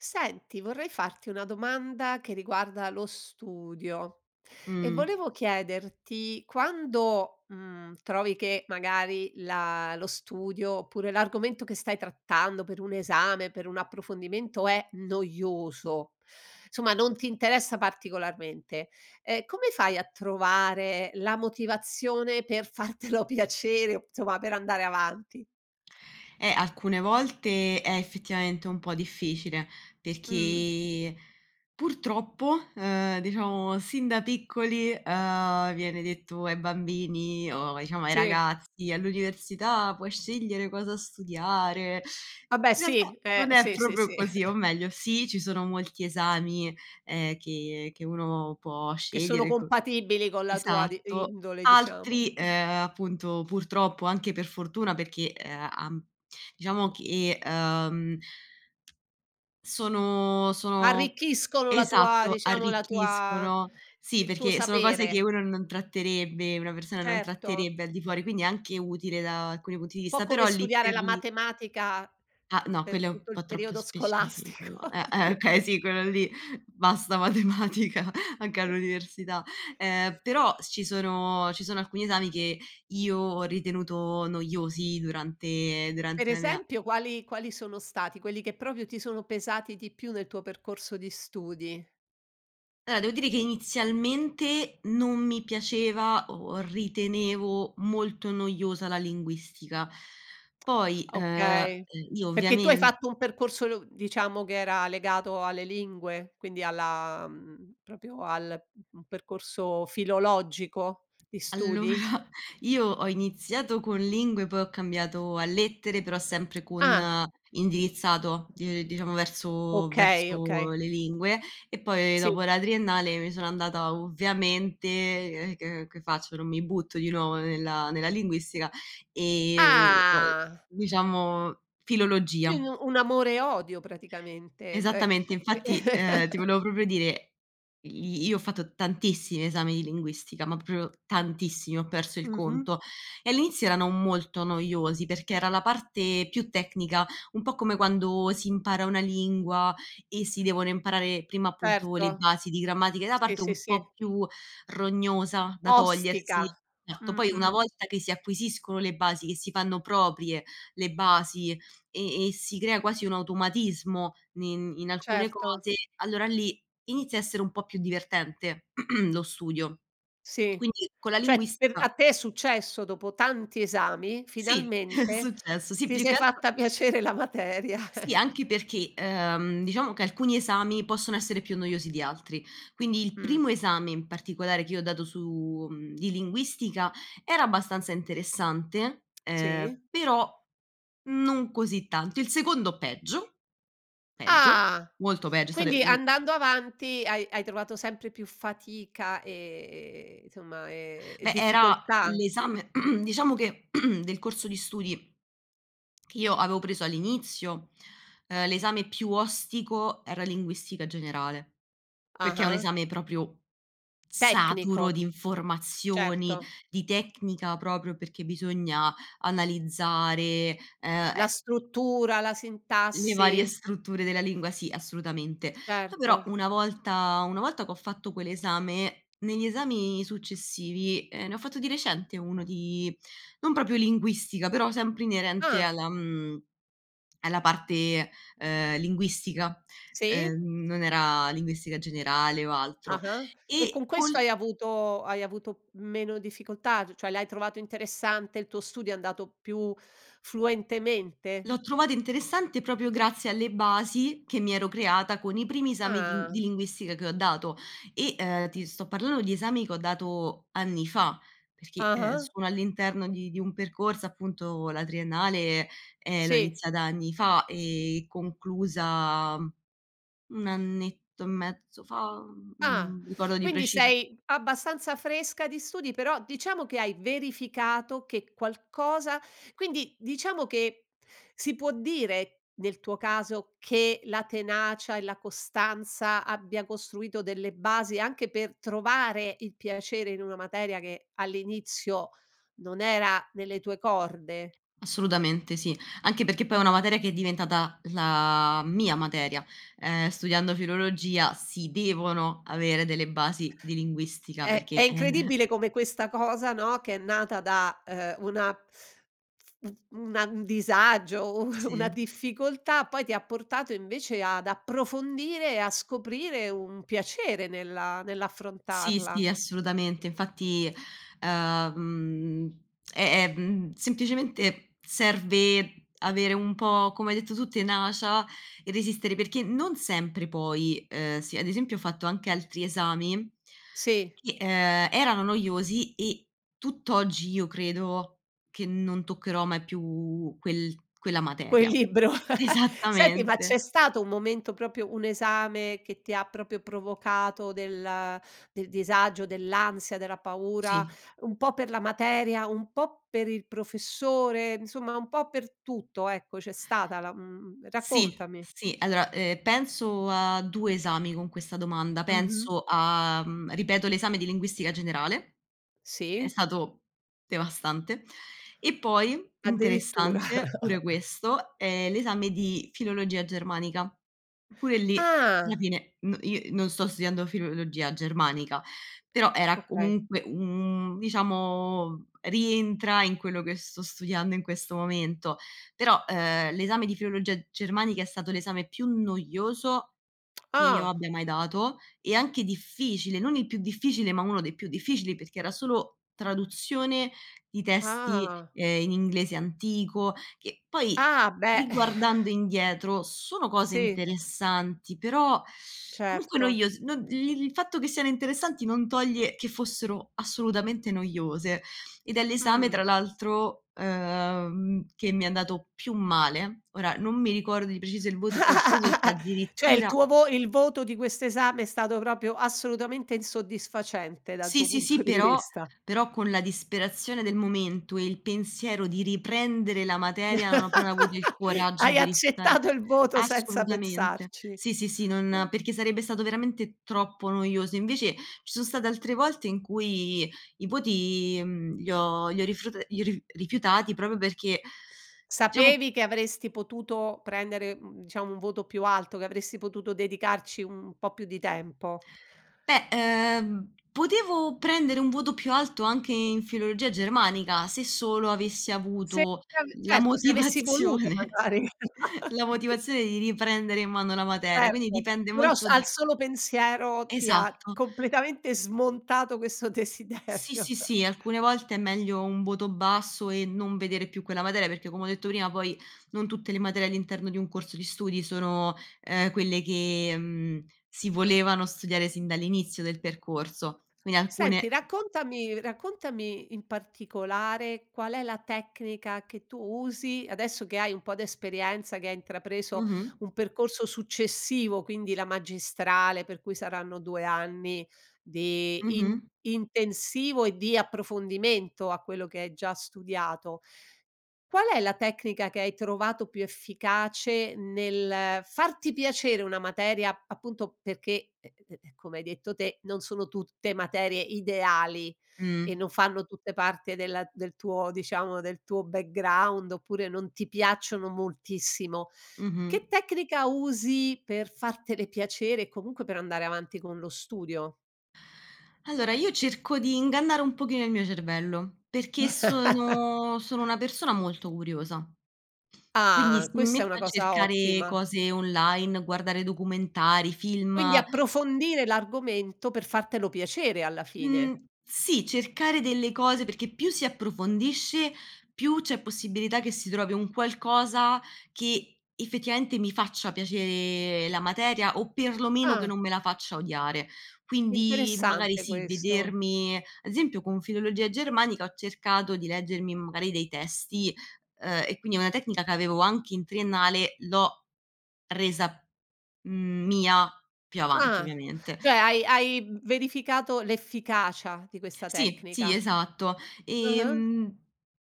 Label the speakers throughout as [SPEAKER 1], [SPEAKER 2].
[SPEAKER 1] Senti, vorrei farti una domanda che riguarda lo studio. E
[SPEAKER 2] Mh.
[SPEAKER 1] volevo chiederti, quando, mhmm, trovi che magari la lo studio oppure l'argomento che stai trattando per un esame, per un approfondimento, è noioso, somma, non ti interessa particolarmente; ehm, come fai a trovare la motivazione per fartelo piacere, o insomma, per andare avanti?
[SPEAKER 2] Eh, alcune volte è effettivamente un po' difficile,
[SPEAKER 1] Mh.
[SPEAKER 2] perché purtroppo, uhm, diciamo, sin da piccoli, uhm, viene detto ai bambini o, diciamo, ai
[SPEAKER 1] Sì.
[SPEAKER 2] ragazzi: “All'università puoi scegliere cosa studiare.”
[SPEAKER 1] Vabbè,
[SPEAKER 2] In realtà
[SPEAKER 1] sì,
[SPEAKER 2] non
[SPEAKER 1] ehm,
[SPEAKER 2] è
[SPEAKER 1] sì, sì,
[SPEAKER 2] proprio
[SPEAKER 1] sì.
[SPEAKER 2] così, o meglio sì, ci sono molti esami, ehm, che che uno può
[SPEAKER 1] Che sono
[SPEAKER 2] scegliere co
[SPEAKER 1] compatibili con la tua di
[SPEAKER 2] esatto.
[SPEAKER 1] indole, diciamo.
[SPEAKER 2] Altri,
[SPEAKER 1] Sì.
[SPEAKER 2] ehm, appunto, purtroppo, anche per fortuna perché, ehm, uh uhm, diciamo che, uhm sono sono
[SPEAKER 1] Arricchiscono la tua
[SPEAKER 2] esatto,
[SPEAKER 1] diciamo la tua
[SPEAKER 2] arricchiscono. Sì,
[SPEAKER 1] il tuo
[SPEAKER 2] perché sono cose che
[SPEAKER 1] sapere.
[SPEAKER 2] uno non tratterebbe una persona non
[SPEAKER 1] Certo.
[SPEAKER 2] tratterebbe al di fuori, quindi è anche utile da alcuni punti di
[SPEAKER 1] Po'
[SPEAKER 2] vista,
[SPEAKER 1] come
[SPEAKER 2] però lì
[SPEAKER 1] studiare
[SPEAKER 2] per
[SPEAKER 1] la
[SPEAKER 2] lì
[SPEAKER 1] matematica
[SPEAKER 2] Ah, no,
[SPEAKER 1] per
[SPEAKER 2] quello è un
[SPEAKER 1] tutto
[SPEAKER 2] po'
[SPEAKER 1] il
[SPEAKER 2] troppo
[SPEAKER 1] periodo scolastico.
[SPEAKER 2] specifico. Eh, eh okay, sì, quello lì: "Basta matematica! Anche all'università." Uhm, però ci sono ci sono alcuni esami che io ho ritenuto noiosi durante
[SPEAKER 1] Per
[SPEAKER 2] durante la mia
[SPEAKER 1] esempio quali quali sono stati quelli che proprio ti sono pesati di più nel tuo percorso di studi?
[SPEAKER 2] Allora, devo dire che inizialmente non mi piaceva o ritenevo molto noiosa la linguistica. Poi, uhm, eh
[SPEAKER 1] Okay.
[SPEAKER 2] io
[SPEAKER 1] Perché tu hai
[SPEAKER 2] ovviamen
[SPEAKER 1] fatto un percorso lu diciamo, che era legato alle lingue? Quindi alla, mhmm, proprio al [unintelligible] percorso filologico di studi?
[SPEAKER 2] Allora, io ho iniziato con lingue, poi ho cambiato a lettere però sempre con
[SPEAKER 1] Ah.
[SPEAKER 2] indirizzato di ehm, diciamo verso
[SPEAKER 1] Okay,
[SPEAKER 2] verso
[SPEAKER 1] okay.
[SPEAKER 2] le lingue e poi
[SPEAKER 1] Sì.
[SPEAKER 2] dopo la triennale mi sono andata, ovviamente [unintelligible] che che faccio, non mi butto di nuovo nella nella linguistica, ehm, [unintelligible]
[SPEAKER 1] Ah!
[SPEAKER 2] diciamo
[SPEAKER 1] Quin
[SPEAKER 2] filologia.
[SPEAKER 1] un amore e odio, praticamente cioè
[SPEAKER 2] Esattamente. Infatti, ehm, ti volevo proprio dire: i io ho fatto tantissimi esami di linguistica, ma proprio tantissimi, ho perso il
[SPEAKER 1] Mh-mh.
[SPEAKER 2] conto. E all'inizio erano molto noiosi perché era la parte più tecnica, un po' come quando si impara una lingua e si devono imparare prima, appunto, le
[SPEAKER 1] Certo.
[SPEAKER 2] basi di grammatica da
[SPEAKER 1] Sì,
[SPEAKER 2] parte
[SPEAKER 1] sì,
[SPEAKER 2] un
[SPEAKER 1] sì.
[SPEAKER 2] po' più rognosa da togliersi.
[SPEAKER 1] Ostica.
[SPEAKER 2] Certo,
[SPEAKER 1] Mh.
[SPEAKER 2] poi una
[SPEAKER 1] Mh.
[SPEAKER 2] volta che si acquisiscono le basi, che si fanno proprie le basi, e e si crea quasi un automatismo ne in alcune
[SPEAKER 1] Certo.
[SPEAKER 2] cose, allora lì inizia a essere un po' più divertente lo studio.
[SPEAKER 1] Sì.
[SPEAKER 2] Quindi, con la
[SPEAKER 1] Cioè, per a
[SPEAKER 2] linguistica
[SPEAKER 1] te è successo, dopo tanti esami,
[SPEAKER 2] Sì, è
[SPEAKER 1] finalmente,
[SPEAKER 2] successo. Sì,
[SPEAKER 1] ti
[SPEAKER 2] più
[SPEAKER 1] sei
[SPEAKER 2] che altro
[SPEAKER 1] fatta piacere la materia.
[SPEAKER 2] Sì, anche perché, ehm, diciamo che alcuni esami possono essere più noiosi di altri. Quindi, il
[SPEAKER 1] Mh.
[SPEAKER 2] primo esame in particolare che io ho dato su mhmm, di linguistica era abbastanza interessante,
[SPEAKER 1] Sì?
[SPEAKER 2] ehm, però non così tanto. Il secondo peggio peggio,
[SPEAKER 1] Ah!
[SPEAKER 2] molto peggio è stato
[SPEAKER 1] Quindi
[SPEAKER 2] il
[SPEAKER 1] andando avanti, hai hai trovato sempre più fatica e e insomma, e e
[SPEAKER 2] Beh, era
[SPEAKER 1] difficoltà.
[SPEAKER 2] l'esame diciamo che del corso di studi, che io avevo preso all'inizio, uhm, l'esame più ostico era linguistica generale, perché è un
[SPEAKER 1] Ah-ah.
[SPEAKER 2] esame proprio saturo
[SPEAKER 1] Tecnico.
[SPEAKER 2] di informazioni,
[SPEAKER 1] Certo.
[SPEAKER 2] di tecnica proprio perché bisogna analizzare, ehm,
[SPEAKER 1] La
[SPEAKER 2] e
[SPEAKER 1] struttura, la
[SPEAKER 2] Le varie
[SPEAKER 1] sintassi.
[SPEAKER 2] strutture della lingua, sì, assolutamente. Poi però,
[SPEAKER 1] Certo.
[SPEAKER 2] una volta una volta che ho fatto quell'esame, negli esami successivi ehm, ne ho fatto di recente uno di non proprio linguistica, però sempre inerente
[SPEAKER 1] Ah.
[SPEAKER 2] alla mhmm, alla parte, uhm, linguistica,
[SPEAKER 1] Sì?
[SPEAKER 2] uhm, non era linguistica generale o altro.
[SPEAKER 1] Ah-ah. E
[SPEAKER 2] E
[SPEAKER 1] con questo
[SPEAKER 2] col
[SPEAKER 1] hai avuto hai avuto meno difficoltà? C cioè, l'hai trovato interessante? Il tuo studio è andato più fluentemente?
[SPEAKER 2] L'ho trovato interessante, proprio grazie alle basi che mi ero creata con i primi esami di
[SPEAKER 1] Ah.
[SPEAKER 2] di linguistica che ho dato. E, ehm, ti sto parlando di esami che ho dato anni fa perché, ehm,
[SPEAKER 1] Ah-ah.
[SPEAKER 2] sono all'interno di di un percorso appunto, la triennale, ehm, l'ho
[SPEAKER 1] Sì.
[SPEAKER 2] iniziata anni fa e conclusa 1 annetto e mezzo fa?
[SPEAKER 1] Ah!
[SPEAKER 2] Mhmm, ricordo di
[SPEAKER 1] Quindi,
[SPEAKER 2] preciso.
[SPEAKER 1] sei abbastanza fresca di studi però, diciamo, che hai verificato che qualcosa quindi, diciamo che si può dire, nel tuo caso, che la tenacia e la costanza abbia costruito delle basi, anche per trovare il piacere in una materia che all'inizio non era nelle tue corde?
[SPEAKER 2] Assolutamente sì, anche perché poi è una
[SPEAKER 1] Mh.
[SPEAKER 2] materia che è diventata la mia materia. Ehm, studiando filologia si devono avere delle basi di linguistica
[SPEAKER 1] È è
[SPEAKER 2] perché, è
[SPEAKER 1] incredibile come questa cosa, no, che è nata da, uhm, una f una un disagio, u una
[SPEAKER 2] Sì.
[SPEAKER 1] difficoltà, poi ti ha portato, invece, ad approfondire e a scoprire un piacere nella
[SPEAKER 2] Sì, sì,
[SPEAKER 1] nell'affrontarla.
[SPEAKER 2] assolutamente. Infatti, uhm, mhmm, è è mhmm, semplicemente serve avere un po', come hai detto tu, tenacia e resistere perché non sempre poi uhm, si, ad esempio ho fatto anche altri esami
[SPEAKER 1] Sì.
[SPEAKER 2] che, ehm, erano noiosi e tutt'oggi io credo che non toccherò mai più quel quella
[SPEAKER 1] Quel
[SPEAKER 2] materia.
[SPEAKER 1] libro? Senti, ma
[SPEAKER 2] Esattamente.
[SPEAKER 1] c'è stato un momento, proprio un esame, che ti ha proprio provocato del del disagio, dell'ansia, della paura?
[SPEAKER 2] Sì.
[SPEAKER 1] Un po' per la materia? Un po' per il professore? Insomma, un po' per tutto, ecco, c'è stata la mhmm,
[SPEAKER 2] Sì,
[SPEAKER 1] raccontami.
[SPEAKER 2] sì. Allora, uhm, penso a 2 esami con questa domanda.
[SPEAKER 1] Mh-mh.
[SPEAKER 2] Penso a mhmm, ripeto l'esame di linguistica generale, è
[SPEAKER 1] Sì?
[SPEAKER 2] stato devastante. E poi,
[SPEAKER 1] Addirittura.
[SPEAKER 2] interessante pure questo, è l'esame di filologia germanica, pure lì alla
[SPEAKER 1] Ah!
[SPEAKER 2] fine no io non sto studiando filologia germanica. Però, era
[SPEAKER 1] Okay.
[SPEAKER 2] comunque un diciamo, rientra in quello che sto studiando in questo momento. Però, uhm, l'esame di filologia germanica è stato l'esame più noioso, che io
[SPEAKER 1] Ah!
[SPEAKER 2] abbia mai dato e anche difficile, non il più difficile, ma uno dei più difficili perché era solo traduzione di testi,
[SPEAKER 1] Ah.
[SPEAKER 2] ehm, in inglese antico. Che poi,
[SPEAKER 1] Ah, beh!
[SPEAKER 2] riguardando indietro, sono cose
[SPEAKER 1] Sì.
[SPEAKER 2] interessanti, però comunque
[SPEAKER 1] Certo.
[SPEAKER 2] noios non li il fatto che siano interessanti non toglie che fossero assolutamente noiose, ed è l'esame
[SPEAKER 1] Mh.
[SPEAKER 2] tra l'altro, ehm, che mi è andato più male. Ora non mi ricordo di preciso il voto che ho preso, se
[SPEAKER 1] Cioè, il
[SPEAKER 2] addirittura
[SPEAKER 1] tuo vo il voto di quest'esame è stato, proprio, assolutamente insoddisfacente dal
[SPEAKER 2] Sì,
[SPEAKER 1] tuo
[SPEAKER 2] sì, sì.
[SPEAKER 1] punto di
[SPEAKER 2] Però
[SPEAKER 1] vista.
[SPEAKER 2] però con la disperazione del momento e il pensiero di riprendere la materia, non ho proprio avuto il coraggio
[SPEAKER 1] Hai
[SPEAKER 2] di rifiutare
[SPEAKER 1] accettato il voto senza
[SPEAKER 2] assolutamente.
[SPEAKER 1] pensarci,
[SPEAKER 2] Sì, sì, sì, non
[SPEAKER 1] eh.
[SPEAKER 2] perché sarebbe stato veramente troppo noioso. Invece, ci sono state altre volte in cui i voti, mhmm, li ho li ho rifrut iru rifiutati proprio perché diciamo
[SPEAKER 1] Sapevi che avresti potuto prendere, mhmm, diciamo un voto più alto? Che avresti potuto dedicarci un po' più di tempo?
[SPEAKER 2] Beh, ehm, potevo prendere un voto più alto anche in filologia germanica, se solo avessi
[SPEAKER 1] Se
[SPEAKER 2] avuto
[SPEAKER 1] [unintelligible]
[SPEAKER 2] la
[SPEAKER 1] certo, se avessi voluto
[SPEAKER 2] motivazione
[SPEAKER 1] magari.
[SPEAKER 2] la motivazione di riprendere in mano la materia, quindi
[SPEAKER 1] Certo.
[SPEAKER 2] dipende
[SPEAKER 1] Però, s
[SPEAKER 2] molto
[SPEAKER 1] al
[SPEAKER 2] da
[SPEAKER 1] solo pensiero ti ha
[SPEAKER 2] Esatto.
[SPEAKER 1] completamente smontato questo
[SPEAKER 2] Sì,
[SPEAKER 1] desiderio.
[SPEAKER 2] sì, sì. Alcune volte è meglio un voto basso e non vedere più quella materia, perché, come ho detto prima, poi non tutte le materie all'interno di un corso di studi sono, ehm, quelle che, mhmm, si volevano studiare sin dall'inizio del percorso. Quindi alcune
[SPEAKER 1] Senti, raccontami raccontami, in particolare, qual è la tecnica che tu usi, adesso che hai un po' d'esperienza che hai intrapreso
[SPEAKER 2] Mh-mh.
[SPEAKER 1] un percorso successivo, quindi la magistrale, per cui saranno 2 anni, di in
[SPEAKER 2] Mh-mh.
[SPEAKER 1] intensivo e di approfondimento a quello che hai già studiato. Qual è la tecnica che hai trovato più efficace, nel farti piacere una materia, appunto, perché, ehm ehm, come hai detto te, non sono tutte materie ideali,
[SPEAKER 2] Mh.
[SPEAKER 1] e non fanno tutte parte della del tuo diciamo, del tuo background oppure non ti piacciono moltissimo. Che
[SPEAKER 2] Mh-mh.
[SPEAKER 1] tecnica usi per fartele piacere e comunque per andare avanti con lo studio?
[SPEAKER 2] Allora io cerco di ingannare un pochino il mio cervello, perché sono sono una persona molto curiosa. Quindi
[SPEAKER 1] Ah,
[SPEAKER 2] si
[SPEAKER 1] questa è una
[SPEAKER 2] metto a
[SPEAKER 1] cosa
[SPEAKER 2] cercare
[SPEAKER 1] ottima.
[SPEAKER 2] cose online, guardare documentari, film.
[SPEAKER 1] Quindi approfondire l'argomento per fartelo piacere alla
[SPEAKER 2] Mhmm,
[SPEAKER 1] fine.
[SPEAKER 2] sì, cercare delle cose, perché più si approfondisce, più c'è possibilità che si trovi un qualcosa che, effettivamente, mi faccia piacere la materia, o per lo meno che
[SPEAKER 1] Ah.
[SPEAKER 2] non me la faccia odiare. Quindi, magari
[SPEAKER 1] Interessante
[SPEAKER 2] sì,
[SPEAKER 1] questo.
[SPEAKER 2] vedermi esempio con filologia germanica, ho cercato di leggermi magari dei testi uhm, e quindi è una tecnica c'avevo anche in triennale, l'ho resa, mhmm, mia più avanti,
[SPEAKER 1] Ah,
[SPEAKER 2] ovviamente.
[SPEAKER 1] cioè, hai hai verificato l'efficacia di questa
[SPEAKER 2] Sì, sì,
[SPEAKER 1] tecnica.
[SPEAKER 2] esatto,
[SPEAKER 1] Ah-ah.
[SPEAKER 2] ehm,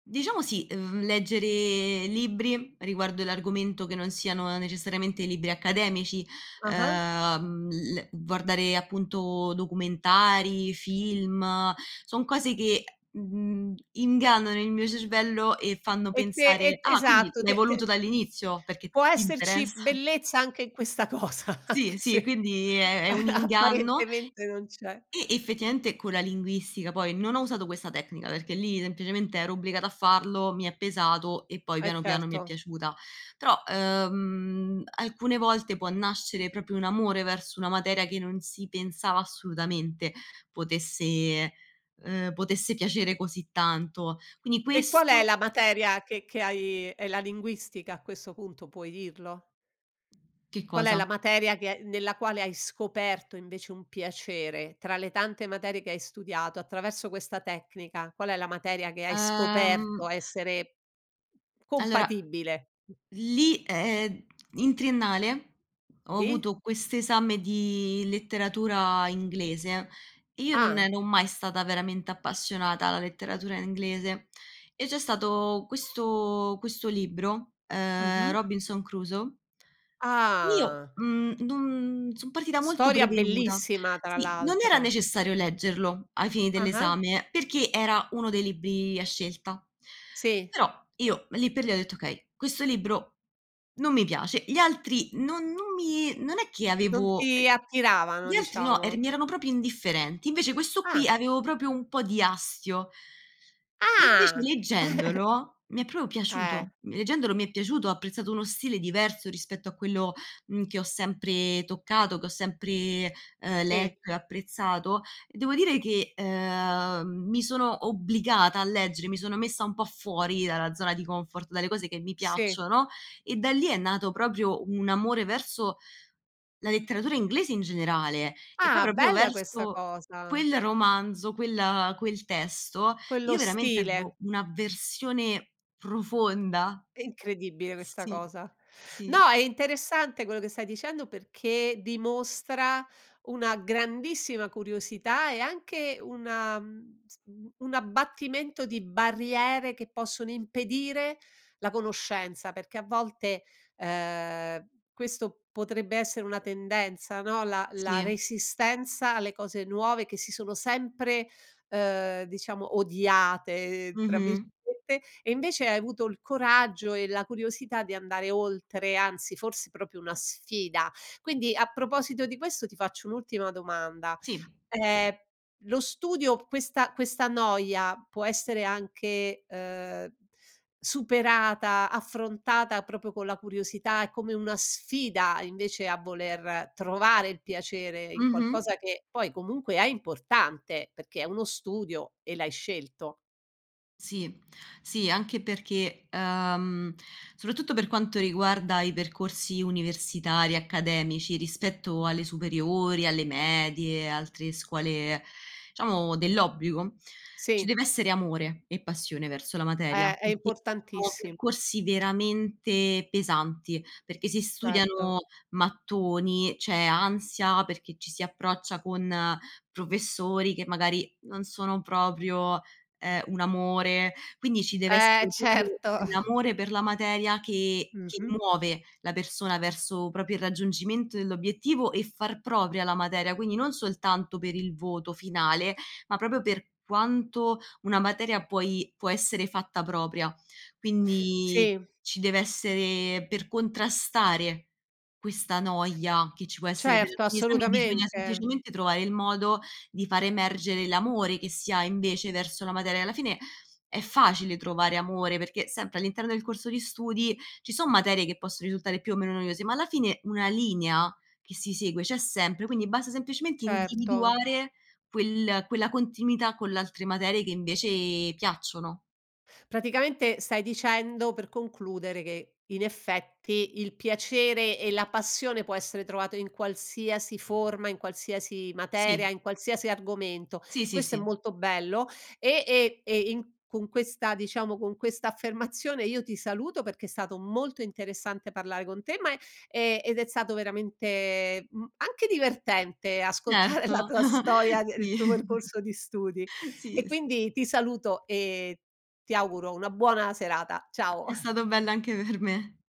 [SPEAKER 2] diciamo sì, uhm, leggere libri riguardo l'argomento che non siano necessariamente libri accademici,
[SPEAKER 1] Ah-ah.
[SPEAKER 2] uhm, l guardare, appunto, documentari, film; son cose che, mhmm, ingannano il mio cervello e fanno
[SPEAKER 1] E te
[SPEAKER 2] pensare:
[SPEAKER 1] e
[SPEAKER 2] "Ah, quindi
[SPEAKER 1] esatto,
[SPEAKER 2] l'hai
[SPEAKER 1] te,
[SPEAKER 2] voluto
[SPEAKER 1] te
[SPEAKER 2] dall'inizio perché t
[SPEAKER 1] può
[SPEAKER 2] ti
[SPEAKER 1] esserci
[SPEAKER 2] interessa".
[SPEAKER 1] bellezza anche in questa cosa, anche
[SPEAKER 2] Sì, sì
[SPEAKER 1] se
[SPEAKER 2] quindi, è è un inganno.
[SPEAKER 1] apparentemente non c'è.
[SPEAKER 2] E effettivamente con la linguistica, poi non ho usato questa tecnica, perché lì semplicemente ero obbligata a farlo, mi è pesato e poi
[SPEAKER 1] Eh
[SPEAKER 2] piano piano mi è
[SPEAKER 1] certo.
[SPEAKER 2] piaciuta, però, uhm, alcune volte può nascere proprio un amore verso una materia, che non si pensava assolutamente potesse uhm, potesse piacere così tanto. Quindi
[SPEAKER 1] E qual è
[SPEAKER 2] questo
[SPEAKER 1] la materia che che hai è la linguistica, a questo punto puoi dirlo?
[SPEAKER 2] Che
[SPEAKER 1] Qual è
[SPEAKER 2] cosa?
[SPEAKER 1] la materia che nella quale hai scoperto invece un piacere, tra le tante materie che hai studiato attraverso questa tecnica, qual è la materia che hai
[SPEAKER 2] Ehm
[SPEAKER 1] scoperto essere
[SPEAKER 2] Allora,
[SPEAKER 1] compatibile?
[SPEAKER 2] lì ehm, in triennale, ho
[SPEAKER 1] Sì.
[SPEAKER 2] avuto quest'esame di letteratura inglese, e io non
[SPEAKER 1] Ah.
[SPEAKER 2] ero mai stata veramente appassionata alla letteratura inglese. E c'è stato questo questo libro, ehm,
[SPEAKER 1] Mh-mh.
[SPEAKER 2] Robinson Crusoe io,
[SPEAKER 1] Ah.
[SPEAKER 2] mhmm, non son partita molto
[SPEAKER 1] Storia
[SPEAKER 2] prevenuta
[SPEAKER 1] bellissima, tra
[SPEAKER 2] Sì, non era
[SPEAKER 1] l'altro.
[SPEAKER 2] necessario leggerlo ai fini
[SPEAKER 1] Ah-ah.
[SPEAKER 2] dell'esame, perché era 1 dei libri a scelta.
[SPEAKER 1] Sì.
[SPEAKER 2] Però, io lì per lì ho detto: "Okay, questo libro, non mi piace." Gli altri non non mi non è che
[SPEAKER 1] Non
[SPEAKER 2] avevo ehm,
[SPEAKER 1] ti attiravano,
[SPEAKER 2] gli altri no, eran
[SPEAKER 1] diciamo.
[SPEAKER 2] mi erano proprio indifferenti. Invece questo qui
[SPEAKER 1] Ah.
[SPEAKER 2] avevo proprio un po' di astio invece
[SPEAKER 1] Ah.
[SPEAKER 2] leggendolo, mi è proprio
[SPEAKER 1] Eh.
[SPEAKER 2] piaciuto, mhmm, leggendolo mi è piaciuto, ho apprezzato uno stile diverso rispetto a quello, mhmm, che ho sempre toccato, che ho sempre, ehm,
[SPEAKER 1] Sì.
[SPEAKER 2] letto e apprezzato, e devo dire che, ehm, mi sono obbligata a leggere, mi sono messa un po' fuori dalla zona di comfort, dalle cose che mi
[SPEAKER 1] Sì.
[SPEAKER 2] piacciono, e da lì è nato proprio un amore verso la letteratura inglese in generale, e poi
[SPEAKER 1] Ah,
[SPEAKER 2] proprio
[SPEAKER 1] bella questa
[SPEAKER 2] verso
[SPEAKER 1] cosa.
[SPEAKER 2] quel romanzo, quella quel testo, io
[SPEAKER 1] Quello
[SPEAKER 2] veramente avevo
[SPEAKER 1] stile.
[SPEAKER 2] un'avversione profonda.
[SPEAKER 1] È incredibile questa
[SPEAKER 2] Sì,
[SPEAKER 1] cosa. No,
[SPEAKER 2] sì.
[SPEAKER 1] è interessante quello che stai dicendo, perché dimostra una grandissima curiosità e anche una, mhmm, s un abbattimento di barriere, che possono impedire la conoscenza, perché a volte, ehm, questo potrebbe essere una tendenza, no. La la
[SPEAKER 2] Sì.
[SPEAKER 1] resistenza alle cose nuove, che si sono sempre, ehm, diciamo "odiate" tra virgolette,
[SPEAKER 2] Mh-mh.
[SPEAKER 1] e invece hai avuto il coraggio e la curiosità di andare oltre, anzi forse proprio una sfida. Quindi a proposito di questo ti faccio un'ultima domanda.
[SPEAKER 2] Sì.
[SPEAKER 1] Ehm, lo studio questa questa noia può essere anche, ehm, superata, affrontata, proprio con la curiosità, è come una sfida invece a voler trovare il piacere in
[SPEAKER 2] Mh-mh.
[SPEAKER 1] qualcosa che poi comunque è importante, perché è uno studio e l'hai scelto.
[SPEAKER 2] Sì. Sì, anche perché, uhm, soprattutto per quanto riguarda i percorsi universitari e accademici rispetto alle
[SPEAKER 1] Mh-mh.
[SPEAKER 2] superiori, alle medie, altre scuole, diciamo, dell'obbligo, ci
[SPEAKER 1] Sì.
[SPEAKER 2] dev'essere amore e passione verso la
[SPEAKER 1] Eh,
[SPEAKER 2] materia,
[SPEAKER 1] è
[SPEAKER 2] perché sono
[SPEAKER 1] importantissi
[SPEAKER 2] percorsi veramente pesanti, perché si
[SPEAKER 1] Certo.
[SPEAKER 2] studiano mattoni, c'è ansia perché ci si approccia con professori che magari non sono proprio, ehm, un amore. Quindi ci deve
[SPEAKER 1] Eh,
[SPEAKER 2] essere proprio
[SPEAKER 1] certo.
[SPEAKER 2] l'amore per la materia che che
[SPEAKER 1] Mh-mh.
[SPEAKER 2] muove la persona verso proprio il raggiungimento dell'obiettivo e far propria la materia, quindi non soltanto per il voto finale, ma proprio per quanto una materia puoi può essere fatta propria. Quindi
[SPEAKER 1] Sì.
[SPEAKER 2] ci dev'essere, per contrastare questa noia che ci può essere per
[SPEAKER 1] Certo,
[SPEAKER 2] alcuni esami, bisogna
[SPEAKER 1] assolutamente.
[SPEAKER 2] semplicemente trovare il modo di fare emergere l'amore che si ha invece verso la materia. Alla fine è facile trovare amore perché sempre all'interno del corso di studi ci sono materie che possono risultare più o meno noiose, ma alla fine una linea che si segue c'è sempre, quindi basta semplicemente
[SPEAKER 1] Certo.
[SPEAKER 2] individuare quel quella continuità con le altre materie che invece piacciono.
[SPEAKER 1] Praticamente stai dicendo, per concludere, che in effetti il piacere e la passione può essere trovato in qualsiasi forma, in qualsiasi
[SPEAKER 2] Sì.
[SPEAKER 1] materia, in qualsiasi argomento.
[SPEAKER 2] Sì, sì,
[SPEAKER 1] Questo è
[SPEAKER 2] sì.
[SPEAKER 1] molto bello e e e in con questa, diciamo con questa affermazione io ti saluto perché è stato molto interessante parlare con te, ma, eh e ed è stato veramente, mhmm, anche divertente ascoltare la
[SPEAKER 2] Certo
[SPEAKER 1] tua storia, il
[SPEAKER 2] sì.
[SPEAKER 1] tuo percorso di studi.
[SPEAKER 2] Sì s
[SPEAKER 1] E quindi ti saluto e ti auguro una buona serata, ciao.
[SPEAKER 2] È stato bello anche per me.